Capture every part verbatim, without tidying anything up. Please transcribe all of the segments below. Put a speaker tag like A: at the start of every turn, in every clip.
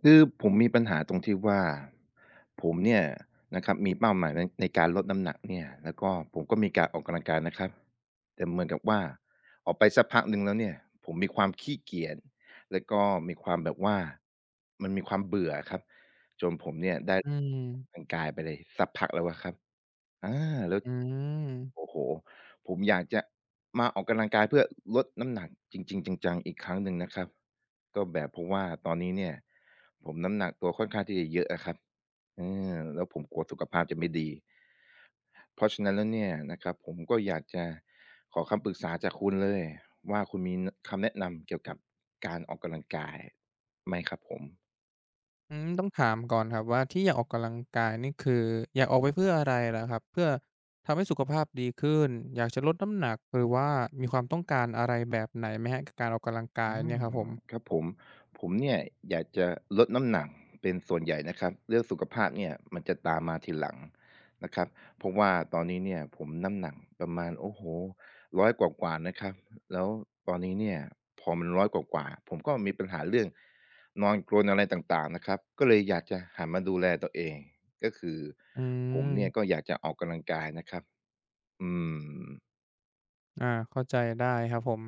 A: คือผมมีปัญหาตรงที่ว่า ผมเนี่ยนะครับมีเป้าหมายใน ในการลดน้ำหนักเนี่ย แล้วก็ผมก็มีการออกกำลังกายนะครับ แต่เหมือนกับว่าออกไปสักพักหนึ่งแล้วเนี่ย ผมมีความขี้เกียจ แล้วก็มีความแบบว่า มันมีความเบื่ออะครับ จนผมเนี่ยได้
B: อื
A: ออก
B: ม
A: กำลังกายไปเลยสักพักแล้วอะครับ อา แล้ว
B: อืม
A: โอ้โฮ ผมอยากจะมาออกกำลังกายเพื่อลดน้ำหนักจริง ๆ จัง ๆ อีกครั้งหนึ่งนะครับ ก็แบบเพราะว่าตอนนี้เนี่ย ผมน้ำหนักตัวค่อนข้างที่จะเยอะอะครับ อา แล้วผมกลัวสุขภาพจะไม่ดี เพราะฉะนั้นแล้วเนี่ยนะครับ ผมก็อยาก จะขอคำปรึกษาจากคุณเลยว่า คุณมีคำแนะนำเกี่ยวกับการออกกำลังกายไหมครับผม?
B: อืม ต้องถามก่อนครับว่าที่อยากออกกำลังกายนี่ คืออยากออกไปเพื่ออะไรล่ะครับ เพื่อทำให้สุขภาพดีขึ้น อยากจะลดน้ำหนัก หรือว่ามีความต้องการ อะไรแบบไหนไหมครับกับการออกกำลังกา
A: อ
B: ย
A: ื
B: เนี่
A: ม
B: ยครับผม?
A: ครับผม ผมเนี่ยอยากจะลดน้ำหนักเป็นส่วนใหญ่นะครับ เรื่องสุขภาพเนี่ยมันจะตามมาทีหลังนะครับ เพราะว่าตอนนี้เนี่ยผมน้ำหนักประมาณ โอ้โฮ ร้อย กว่า ๆ นะครับ แล้วตอนนี้เนี่ยพอมัน ร้อย กว่า ๆ ผมก็มีปัญหาเรื่องนอนกรนอะไรต่าง ๆ นะครับ ก็เลยอยากจะหันมาดูแลตัวเอง ก็คือ
B: อื
A: ผมเนี่ย
B: ม
A: ก็อยากจะออกกำลังกายนะครับ อืม
B: อ่า เข้าใจได้ครับผม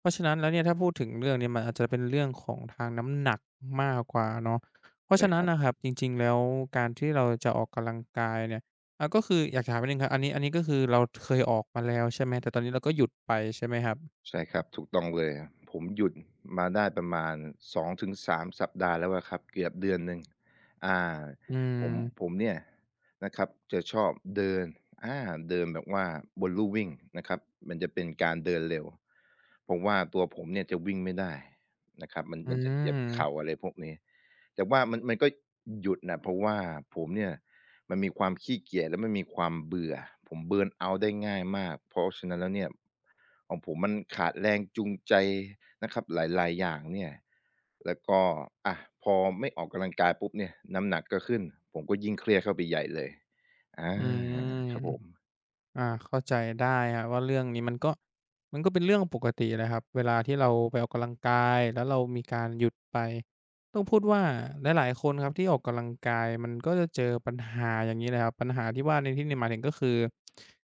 B: เพราะฉะนั้นแล้วเนี่ยถ้าพูดถึงเรื่องเนี่ยมันอาจจะเป็นเรื่องของทางน้ำหนักมากกว่าเนาะ เพรา
A: เ
B: ะฉ
A: ล
B: ะ
A: ย
B: นั
A: ค
B: ้น
A: รับ
B: ครับ จริง ๆ แล้วการที่เราจะออกกำลังกายเนี่ย อะ ก็คืออยากถามนิดหนึ่งครับ อันนี้ อันนี้ก็คือเราเคยออกมาแล้วใช่ไหม แต่ตอนนี้เราก็หยุดไปใช่ไหมครับ?
A: ใช่ครับ ถูกต้องเลย ผมหยุดมาได้ประมาณ สอง ถึง สาม สัปดาห์แล้วอะครับ เกือบเดือนหนึ่ง อ่า
B: อื
A: ผม
B: ม
A: ผมเนี่ยนะครับจะชอบเดิน อา เดินแบบว่าบนลู่วิ่งนะครับ มันจะเป็นการเดินเร็ว ผมว่าตัวผมเนี่ยจะวิ่งไม่ได้นะครับ มัน
B: อื
A: มันจะเจ็บเข่
B: ม
A: า อะไรพวกนี้ แต่ว่ามัน มันก็หยุดน่ะ เพราะว่าผมเนี่ยมันมีความขี้เกียจและมันมีความเบื่อ ผม เบิร์นเอาต์ ได้ง่ายมาก เพราะฉะนั้นแล้วเนี่ย ของผมมันขาดแรงจูงใจนะครับ หลาย ๆ อย่างเนี่ย แล้วก็ อะ พอไม่ออกกำลังกายปุ๊บเนี่ย น้ำหนักก็ขึ้น ผมก็ยิ่งเครียดเข้าไปใหญ่เลย อา
B: อืม
A: ครับผม
B: อ่า เข้าใจได้ครับว่าเรื่องนี้มันก็ มันก็เป็นเรื่องปกติแหละครับ เวลาที่เราไปออกกำลังกายแล้วเรามีการหยุดไป ต้องพูดว่าหลาย ๆ คนครับที่ออกกำลังกายมันก็จะเจอปัญหาอย่างนี้ แหละครับ ปัญหาที่ว่าในที่นี้หมายถึง ก็คือ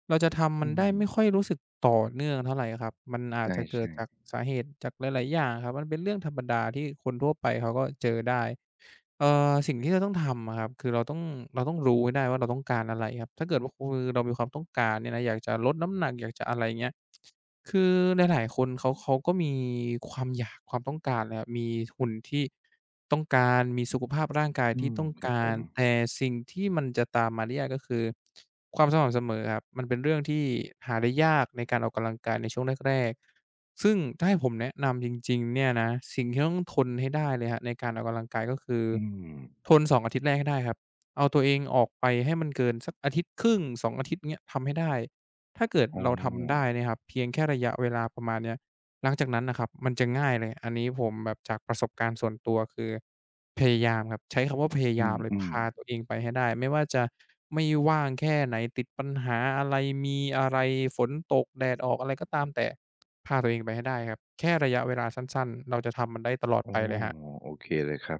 B: เราจะท
A: อ
B: ำม
A: ื
B: ันได้ไ
A: ม
B: ม่ค่อยรู้สึกต่อเนื่องเท่าไรครับ มันอา
A: ใช
B: จจะเกิด
A: ่
B: จ
A: ๆ
B: ากสาเหตุจากหลาย ๆ อย่างอะครับ มันเป็นเรื่องธรรมดาที่คนทั่วไปเขาก็เจอได้ เอ่อ สิ่งที่เราต้องทำอะครับ คือเราต้อง เราต้องรู้ให้ได้ว่าเราต้องการอะไรครับ ถ้าเกิดว่าเรามีความต้องการเนี่ยนะ อยากจะลดน้ำหนักอยากจะ อะไรเงี้ย คือหลาย ๆ คนเขา เขาก็มีความอยาก ความต้องการนะครับ มีหุ่น ที่ต้องการ มีสุขภาพร่างกาย
A: อื
B: ที่
A: ม
B: ต้อง
A: ครั
B: ก
A: บผ
B: าร
A: ม
B: แต่สิ่งที่มันจะตามมาได้ยาก ก็คือ ความสม่ำเสมอครับ มันเป็นเรื่องที่หาได้ยากในการออกกำลังกายในช่วงแรก ๆ ซึ่งถ้าให้ผมแนะนำจริง ๆ เนี่ยนะ สิ่งที่ต้องทนให้ได้เลยครับในการออกกำลังกาย ก็คือ
A: อืม
B: ทน สอง อาทิตย์แรกให้ได้ครับ เอาตัวเองออกไปให้มันเกินสักอาทิตย์ครึ่ง สอง อาทิตย์เนี่ยทำให้ได้ ถ้าเกิด
A: อ๋
B: เราทำได้
A: อ
B: นะครับ เพียงแค่ระยะเวลาประมาณนี้ หลังจากนั้นนะครับมันจะง่ายเลย อันนี้ผมแบบจากประสบการณ์ส่วนตัวคือพยายามครับ ใช้คำว่าพย
A: อ
B: า
A: ื
B: ยามเลยพ
A: อ
B: า
A: ๆ
B: ตัวเองไปให้ได้ ไม่ว่าจะไม่ว่างแค่ไหน ติดปัญหาอะไรมีอะไรฝนตกแดดออกอะไรก็ตามแต่ พาตัวเองไปให้ได้ครับ แค่ระยะเวลาสั้น ๆ เราจะทำมันได้ตลอด
A: อ๋
B: ไ
A: อ
B: ปเลยครับ
A: โอเคเลยครับ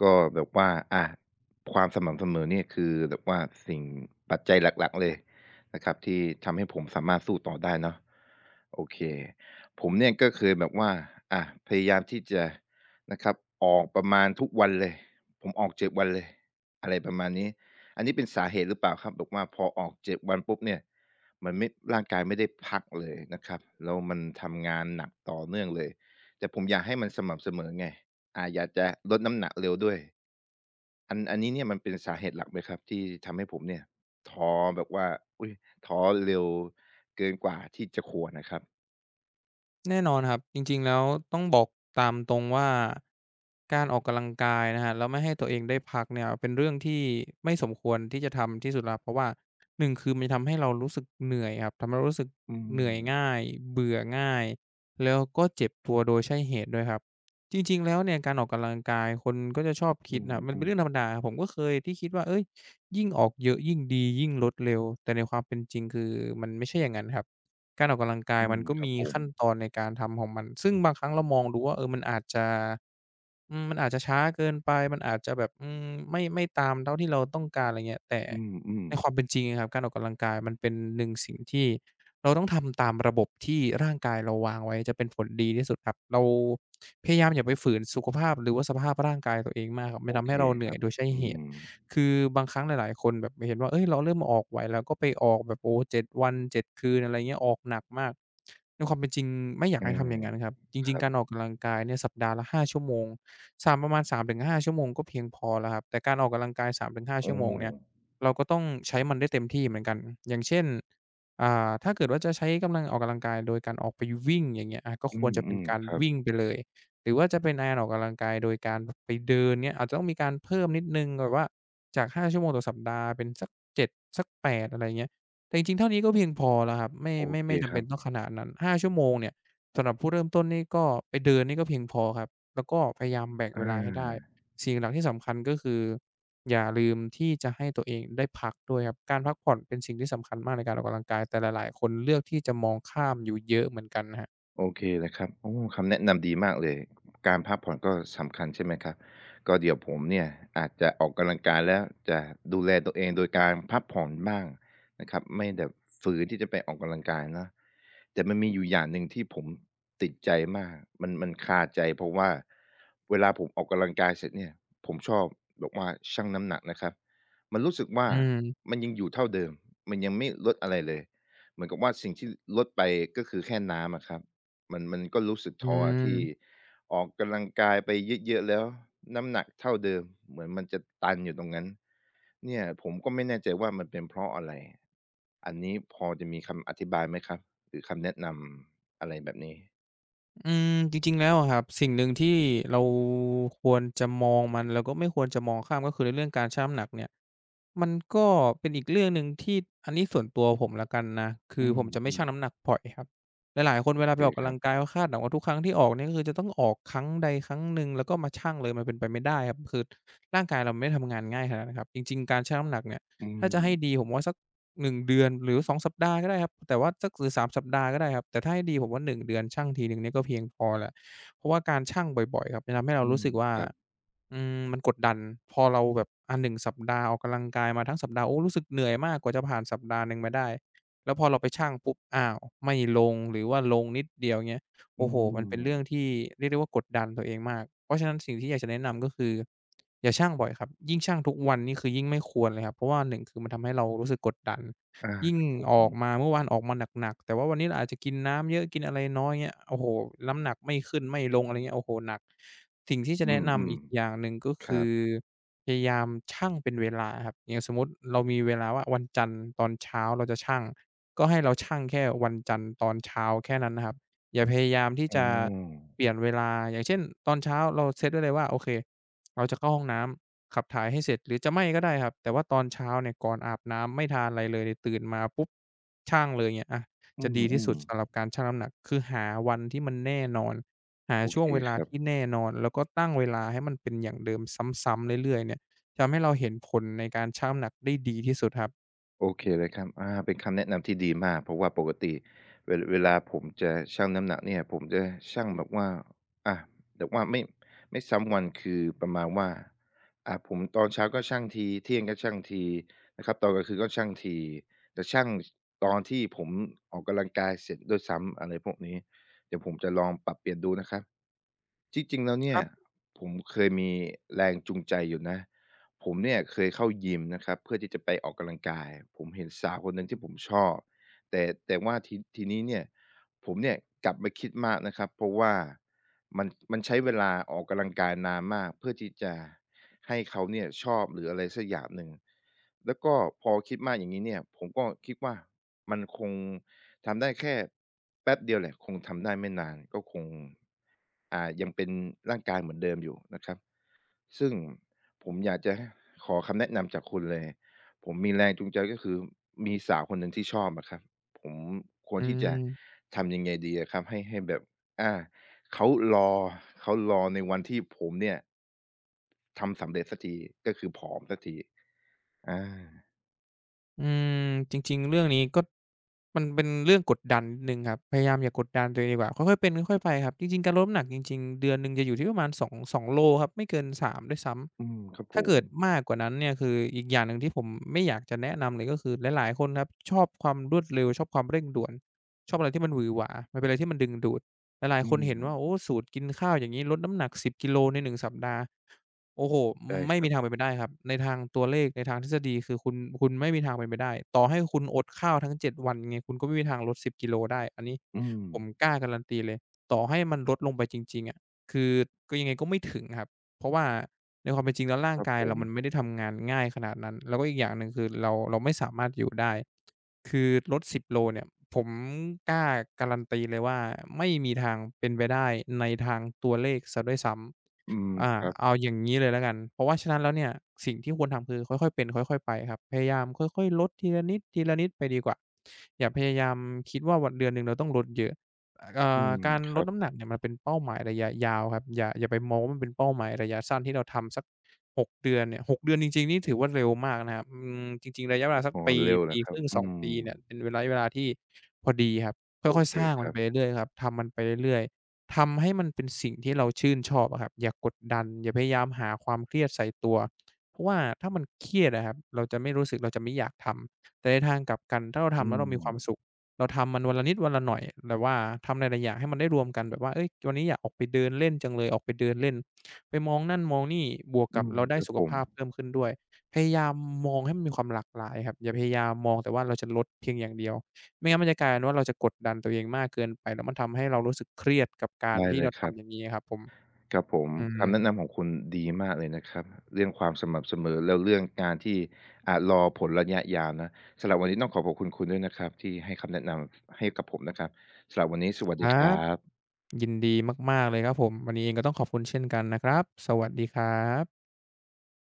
A: ก็แบบว่า อา ความสม่ำเสมอเนี่ย คือแบบว่าสิ่ง ปัจจัยหลัก ๆ เลยนะครับที่ทำให้ผมสามารถสู้ต่อได้เนาะ โอเค ผมเนี่ยก็เคยแบบว่า อ่า พยายามที่จะนะครับ ออกประมาณทุกวันเลย ผมออก เจ็ด วันเลย อะไรประมาณนี้ อันนี้เป็นสาเหตุหรือเปล่าครับ บอกว่าพอออก เจ็ด วันปุ๊บเนี่ย มันไม่ ร่างกายไม่ได้พักเลยนะครับ แล้วมันทำงานหนักต่อเนื่องเลย แต่ผมอยากให้มันสม่ำเสมอไง อ่า อยากจะลดน้ำหนักเร็วด้วย อัน อันนี้เนี่ยมันเป็นสาเหตุหลักไหมครับ? ที่ทำให้ผมเนี่ย ท้อแบบว่า อุ๊ย ท้อเร็วเกินกว่าที่จะควรนะครับ
B: แน่นอนครับ จริง ๆ แล้วต้องบอกตามตรงว่า การออกกำลังกายนะครับแล้วไม่ให้ตัวเองได้พักเนี่ย เป็นเรื่องที่ไม่สมควรที่จะทำที่สุดแล้วครับ เพราะว่า หนึ่ง คือมันจะทำให้เรารู้สึกเหนื่อยครับ ทำให้เรารู้สึก
A: อื
B: เหนื่อยง
A: ม
B: ่าย เบื่อง่าย แล้วก็เจ็บตัวโดยใช่เหตุด้วยครับ จริง ๆ แล้วเนี่ยการออกกำลังกายคนก็จะชอบค
A: อื
B: ิดน่ะ มันเป็น
A: อ
B: เรื่
A: ๆ
B: องธรรมดาครับ ผมก็เคยที่คิดว่า เฮ้ย ยิ่งออกเยอะยิ่งดี ยิ่งลดเร็ว แต่ในความเป็นจริงคือมันไม่ใช่อย่างงั้นครับ การออกกำลังกา
A: อ
B: ย
A: ื
B: มั
A: ม
B: นก็
A: คร
B: ม
A: ับ
B: ี
A: ผ
B: ขั้น
A: ม
B: ตอนในการทำของมัน ซึ่งบางครั้งเรามองดูว่า เออ มันอาจจะ อืม มันอาจจะช้าเกินไป มันอาจจะแบบ อืม ไม่ ไม่ตามเท่าที่เราต้องการ อะไรเงี้ย แต่
A: อือ
B: ใน
A: ๆ
B: ความเป็นจริงอะครับ การออกกำลังกายมันเป็น หนึ่ง สิ่งที่ เราต้องทำตามระบบที่ร่างกายเราวางไว้จะเป็นผลดีที่สุดครับ เรา พยายามอย่าไปฝืนสุขภาพหรือว่าสภาพร่างกายตัวเองมากครับ มั
A: โอ
B: นทำ
A: เ
B: ใ
A: ค
B: ห้เราเหน
A: ค
B: ื่
A: ร
B: อย
A: ับ
B: โดยใช่
A: อ
B: เ
A: ื
B: หตุ
A: ม
B: คือบางครั้งหลาย ๆ คนแบบจะเห็นว่า เฮ้ย เราเริ่มมาออกไหว เราก็ไปออกแบบ โอ้โฮ เจ็ด วัน เจ็ด คืน อะไรเงี้ย ออกหนักมาก ด้วยความเป็นจริงไม่อยา
A: อ
B: ก
A: ื
B: ให้ท
A: อ
B: ำอย่างงั้นครับ จ
A: ค
B: ริ
A: ร
B: ง
A: ั
B: ๆ ก
A: บ
B: ารออกกำลังกายเนี่ย สัปดาห์ละ ห้า ชั่วโมง สาม ประมาณ สามถึงห้า ชั่วโมงก็เพียงพอแล้วครับ แต่การออกกำลังกาย สามถึงห้า
A: โอ
B: ชั
A: ้
B: ่วโมงเนี่ย เราก็ต้องใช้มันได้เต็มที่เหมือนกัน อย่างเช่น อ่า ถ้าเกิดว่า จะใช้กำลังออกกำลังกายโดยการออกไปวิ่ง อย่างเงี้ย อา ก็
A: อื
B: ควรจะเป็น
A: ม
B: การ
A: ๆ ครับ
B: วิ่งไปเลย หรือว่าจะเป็น อา ออกกำลังกายโดยการ บ ไปเดินเนี่ย อาจจะต้องมีการเพิ่มนิดหนึ่ง แบบว่าจาก ห้า ชั่วโมงต่อสัปดาห์ เป็นสัก เจ็ด สัก แปด อะไรเงี้ย แต่จริง ๆ เท่านี้ก็เพียงพอแล้วครับ ไม่
A: โอ
B: ไม่
A: เค
B: ไม่จ
A: ค
B: ำเ
A: ร
B: ป
A: ั
B: ็น
A: บ
B: ต้องขนาดนั้น ห้า ชั่วโมงเนี่ย สำหรับผู้เริ่มต้นนี่ก็ ไปเดินนี่ก็เพียงพอครับ แล้วก็พยายามแบ่ง
A: อ
B: เ
A: า
B: วลาให้ได้ สิ่งหลัก ๆ ที่สำคัญก็คือ อย่าลืมที่จะให้ตัวเองได้พักด้วยครับ การพักผ่อนเป็นสิ่งที่สำคัญมากในการออกกำลังกาย แต่หลาย ๆ คนเลือกที่จะมองข้ามอยู่เยอะเหมือนกันครับ
A: โอเคเลยครับ โอ้ คำแนะนำดีมากเลย การพักผ่อนก็สำคัญ ใช่ไหมครับ ก็เดี๋ยวผมเนี่ยอาจจะออกกำลังกายแล้วจะดูแลตัวเองโดยการพักผ่อนบ้างนะครับ ไม่แบบ ฝืนที่จะไปออกกำลังกายเนาะ แต่มันมีอยู่อย่างหนึ่งที่ผมติดใจมาก มัน มันคาใจ เพราะว่าเวลาผมออกกำลังกายเสร็จเนี่ย ผมชอบบอกว่าชั่งน้ำหนักนะครับ มันรู้สึกว่
B: อ
A: า
B: ืม
A: มันยังอยู่เท่าเดิม มันยังไม่ลดอะไรเลย เหมือนกับว่าสิ่งที่ลดไป ก็คือแค่น้ำอะครับ มัน มันก็รู้สึก
B: อ
A: ท้ออะที่
B: ืม
A: ออกกำลังกายไปเยอะ ๆ แล้วน้ำหนักเท่าเดิม เหมือนมันจะตันอยู่ตรงนั้น เนี่ยผมก็ไม่แน่ใจว่ามันเป็นเพราะอะไร อันนี้พอจะมีคำอธิบายไหมครับ หรือคำแนะนำอะไรแบบนี้?
B: อืม จริง ๆ แล้วอะครับ สิ่งหนึ่งที่เราควรจะมองมัน แล้วก็ไม่ควรจะมองข้าม ก็คือในเรื่องการชั่งน้ำหนักเนี่ย มันก็เป็นอีกเรื่องหนึ่งที่ อันนี้ส่วนตัวผมแล้วกันนะ ค
A: อ
B: ื
A: ื
B: อผมจะไม่ชั
A: อ
B: ่ง
A: ๆ
B: น้ำหนักบ่อยครับ หลาย ๆ คน เวลาไป
A: เค
B: ออกก
A: ค
B: ำ
A: ร
B: ล
A: ั
B: ั
A: บ
B: งกาย ก็คาดหวังว่าทุกครั้งที่ออกเนี่ย ก็คือจะต้องออกครั้งใดครั้งหนึ่งแล้วก็มาชั่งเลย มันเป็นไปไม่ได้ครับ คือ ร่างกายเราไม่ได้ทำงานง่ายขนาดนะครับ จริง ๆ การชั่งน้ำหนักเนี่ย
A: อื
B: ถ้าจะให้
A: ม
B: ดีผมว่าสัก หนึ่ง เดือน หรือ สอง สัปดาห์ก็ได้ครับ แต่ว่าสัก หรือ สาม สัปดาห์ก็ได้ครับ แต่ถ้าให้ดีผมว่า หนึ่ง เดือนชั่งทีหนึ่งเนี่ยก็เพียงพอแล้ว เพราะว่าการชั่งบ่อย ๆ ครับ จะทำให้เรา
A: อื
B: รู้
A: ม
B: สึกว่า
A: ครับ
B: อืม มันกดดัน พอเราแบบ อะ หนึ่ง สัปดาห์ออกกำลังกายมาทั้งสัปดาห์ โอ้ รู้สึกเหนื่อยมากกว่าจะผ่านสัปดาห์หนึ่งมาได้ แล้วพอเราไปชั่งปุ๊บ อ้าว ไม่ลง หรือว่าลงนิดเดียว อย่างเงี้ย
A: อ
B: โ
A: ื
B: อ้โฮ มันเป็นเรื่อง
A: ม
B: ที่เรียกได้ว่ากดดันตัวเองมาก เพราะฉะนั้นสิ่งที่อยากจะแนะนำ ก็คือ อย่าชั่งบ่อยครับ ยิ่งชั่งทุกวันนี่คือยิ่งไม่ควรเลยครับ เพราะว่า หนึ่ง คือมันทำให้เรารู้สึกกดดัน
A: อา
B: ยิ่ง
A: ครับผ
B: ออก
A: ม
B: มา เมื่อวานออกมาหนัก ๆ แต่ว่าวันนี้เราอาจจะกินน้ำเยอะ กินอะไรน้อย เงี้ย โอ้โฮ น้ำหนักไม่ขึ้นไม่ลง อะไรอย่างเงี้ย โอ้โฮ หนัก สิ่งที่จ
A: อ
B: ะ
A: ื
B: แนะนำ
A: ม
B: อีกอย่างหนึ่งก็
A: ๆ ค
B: ค
A: รั
B: ื
A: บ
B: อพยายามชั่งเป็นเวลาครับ อย่างสมมุติเรามีเวลาว่าวันจันทร์ตอนเช้าเราจะชั่ง ก็ให้เราชั่งแค่วันจันทร์ตอนเช้าแค่นั้นนะครับ อย่าพยายามที่
A: อ้
B: จ
A: อ
B: ะเปลี่ยนเวลา อย่างเช่น ตอนเช้าเราเซ็ตได้เลยว่าโอเค เราจะเข้าห้องน้ำ ขับถ่ายให้เสร็จหรือจะไม่ก็ได้ครับ แต่ว่าตอนเช้าเนี่ยก่อนอาบน้ำไม่ทานอะไรเลย ตื่นมาปุ๊บ ชั่งเลยเนี่ย อะ
A: อื
B: จะดีที่สุ
A: อ
B: ดส
A: ๆ
B: ำหรับการชั่งน้ำหนัก คือหาวันที่มันแน่นอน หา
A: โอ
B: ช่
A: เ
B: ว
A: ค
B: งเวล
A: ค
B: า
A: รั
B: ท
A: บ
B: ี่แน่นอน แล้วก็ตั้งเวลาให้มันเป็นอย่างเดิมซ้ำ ๆ เรื่อย ๆ เนี่ย ทำให้เราเห็นผลในการชั่งน้ำหนักได้ดีที่สุดครับ
A: โอเค เลยครับ อา เป็นคำแนะนำที่ดีมาก เพราะว่าปกติ เว เวลาผมจะชั่งน้ำหนักเนี่ย ผมจะชั่งแบบว่า อะ แบบว่าไม่ ไม่ซ้ำวัน คือประมาณว่า อะ ผม ตอนเช้าก็ชั่งที เที่ยงก็ชั่งทีนะครับ ตอนกลางคืนก็ชั่งที จะชั่ง ช ตอนที่ผมออกกำลังกายเสร็จด้วยซ้ำ อะไรพวกนี้ เดี๋ยวผมจะลองปรับเปลี่ยนดูนะครับ จี้จริงแล้วเน
B: ค
A: ี่
B: ร
A: ย
B: ับ
A: ผมเคยมีแรงจูงใจอยู่นะ ผมเนี่ยเคยเข้ายิมนะครับ เพื่อที่จะไปออกกำลังกาย ผมเห็นสาวคนหนึ่งที่ผมชอบ แต่ แต่ว่าที ทีนี้เนี่ย ผมเนี่ยกลับมาคิดมากนะครับ เพราะว่ามัน มัน ใช้เวลาออกกำลังกายนานมากเพื่อที่จะให้เขาเนี่ยชอบ หรืออะไรสักอย่างหนึ่ง แล้วก็พอคิดมากอย่างงี้เนี่ย ผมก็คิดว่า มันคงทำได้แค่ แป๊บเดียวแหละ คงทำได้ไม่นาน ก็คง อ่า ยังเป็นร่างกายเหมือนเดิมอยู่นะครับ ซึ่งผมอยากจะ ฮ ขอคำแนะนำจากคุณเลย ผมมีแรงจูงใจก็คือมีสาวคนหนึ่งที่ชอบอะครับ ผมค
B: อ
A: วร
B: ื
A: ที่จะ
B: ม
A: ทำยังไงดีอะครับ ให้ ให้แบบ อ่า เขารอ เขารอในวันที่ผมเนี่ย ทำสำเร็จเสียที ก็คือผอมเสียที อา
B: อืม จริง ๆ เรื่องนี้ก็ มันเป็นเรื่องกดดันนิดหนึ่งครับ พยายามอย่ากดดันตัวเองดีกว่า ค่อย ๆ เป็นค่อย ๆ ไปครับ จริง ๆ การลดน้ำหนักจริง ๆ เดือนหนึ่งจะอยู่ที่ประมาณ สอง สอง โลครับ ไม่เกิน สาม ด้วยซ้
A: อืม ครับ
B: ำ ถ
A: ผ
B: ้าเกิด
A: ม
B: มากกว่านั้นเนี่ยคือ อีกอย่างหนึ่งที่ผมไม่อยากจะแนะนำเลย ก็คือหลาย ๆ คนครับชอบความรวดเร็ว ชอบความเร่งด่วน ชอบอะไรที่มันหวือหวา มันเป็นอะไรที่มันดึงดูด หลา
A: อ
B: ย
A: ื
B: ๆ คนเห็นว่า
A: ม
B: โอ้โฮ! สูตรกินข้าวอย่างงี้ ลดน้ำหนัก สิบ กิโลใน หนึ่ง สัปดาห์ โอ้โฮ!
A: ได้
B: ไม่
A: ครั
B: มี
A: บ
B: ทางเป็นไปได้ครับ ในทางตัวเลขในทางทฤษฎีคือ คุณ คุณไม่มีทางเป็นไปได้ ต่อให้คุณอดข้าวทั้ง เจ็ด วัน ไงคุณก็ไม่มีทางลด สิบ กิโลได้ อันนี้
A: อื
B: ผ
A: ม
B: มกล้าการันตีเลย ต่อให้มันลดลงไปจริง ๆ อะ คือ กือ ยังไงก็ไม่ถึงครับ เพราะว่าในความเป็นจริงแล้วร่า
A: ค
B: ง
A: รับ
B: กา
A: ผ
B: ยเรามัน
A: ม
B: ไม่ได้ทำงานง่ายขนาดนั้น แล้วก็อีกอย่างหนึ่ง คือ เรา เราไม่สามารถอยู่ได้ คือ ลด สิบ กิโลเนี่ย ผมกล้าการันตีเลยว่าไม่มีทางเป็นไปได้ในทางตัวเลขเสียด้วยซ้
A: อืม
B: ำ อ่า
A: ครับ
B: เอาอย่างงี้เลยละกัน เพราะฉะนั้นแล้วเนี่ย สิ่งที่ควรทำคือค่อย ๆ เป็นค่อย ๆ ไปครับ พยายามค่อย ๆ ลดทีละนิด ๆ ไปดีกว่า อย่าพยายามคิดว่าวัน เดือนหนึ่งเราต้องลดเยอะ อ อ่
A: อื
B: า
A: ม
B: การ
A: คร
B: ล
A: ั
B: ด
A: บ
B: น้ำหนักเนี่ยมันเป็นเป้าหมายระยะยาวครับ อย่า อย่าไปมองว่ามันเป็นเป้าหมายระยะสั้นที่เราทำสัก หก เดือนเนี่ย หก เดือนจริง ๆ นี่ถือว่าเร็วมากนะครับ อืม จริง ๆ ระยะเวลาสัก
A: อ๋อ
B: ปี
A: เร็วเห
B: ป
A: รอ
B: ี
A: คร
B: ค
A: ั
B: ร
A: บ?
B: ึ่ง
A: อื
B: สอง ปีเนี่ย
A: ม
B: เป็นระยะเวลาที่ พอดีครับ ค
A: โอ
B: ่อย
A: เค
B: ๆ สร้าง
A: ค
B: มั
A: ร
B: น
A: ั
B: ไป
A: บ
B: เรื่อย ๆ ครับ ทำมันไปเรื่อย ๆ ทำให้มันเป็นสิ่งที่เราชื่นชอบอะครับ อย่ากดดัน อย่าพยายามหาความเครียดใส่ตัว เพราะว่าถ้ามันเครียดอะครับ เราจะไม่รู้สึก เราจะไม่อยากทำ แต่ในทางกลับกันถ้าเรา
A: อ
B: ท
A: ื
B: ำแล้วเรามีความ
A: ม
B: สุข เราทำมันวันละนิดวันละหน่อย แบบว่าทำหลาย ๆ อย่างให้มันได้รวมกัน แบบว่า เฮ้ย! วันนี้อยากออกไปเดินเล่นจังเลย ออกไปเดินเล่น ไปมองนั่นมองนี่ บวก
A: อ
B: ก
A: ื
B: ับ
A: ม
B: เราได
A: ค
B: ้
A: รับ
B: สุข
A: ผ
B: ภ
A: ม
B: าพเพิ่มขึ้นด้วย พยายามมองให้มันมีความหลากหลายครับ อย่าพยายามมองแต่ว่าเราจะลดเพียงอย่างเดียว ไม่งั้นมันจะกลายเป็นว่าเราจะกดดันตัวเองมากเกินไป แล้วมันทำให้เรารู้สึกเครียดกับกา
A: ไ
B: ร
A: ด้
B: ที
A: เ
B: ่
A: ล
B: เร
A: ย
B: า
A: ค
B: ท
A: รั
B: ำอ
A: บ
B: ย่างงี้อะครับผม
A: ครับผม
B: อื
A: คำแนะ
B: อ
A: นำของคุณดีมากเลยนะครับ เรื่องความสม่ำเสมอ แล้วเรื่องการที่ อ่า รอผลระยะยาวนะ สำหรับวันนี้ต้องขอขอบคุณด้วยนะครับ ที่ให้คำแนะนำให้กับผมนะครับ สำหรับวันนี้สวัส
B: ค
A: ดี
B: รั
A: ครั
B: บ
A: บ
B: ยินดีมาก ๆ เลยครับผม วันนี้เองก็ต้องขอบคุณเช่นกันนะครับ สวัสดีครับ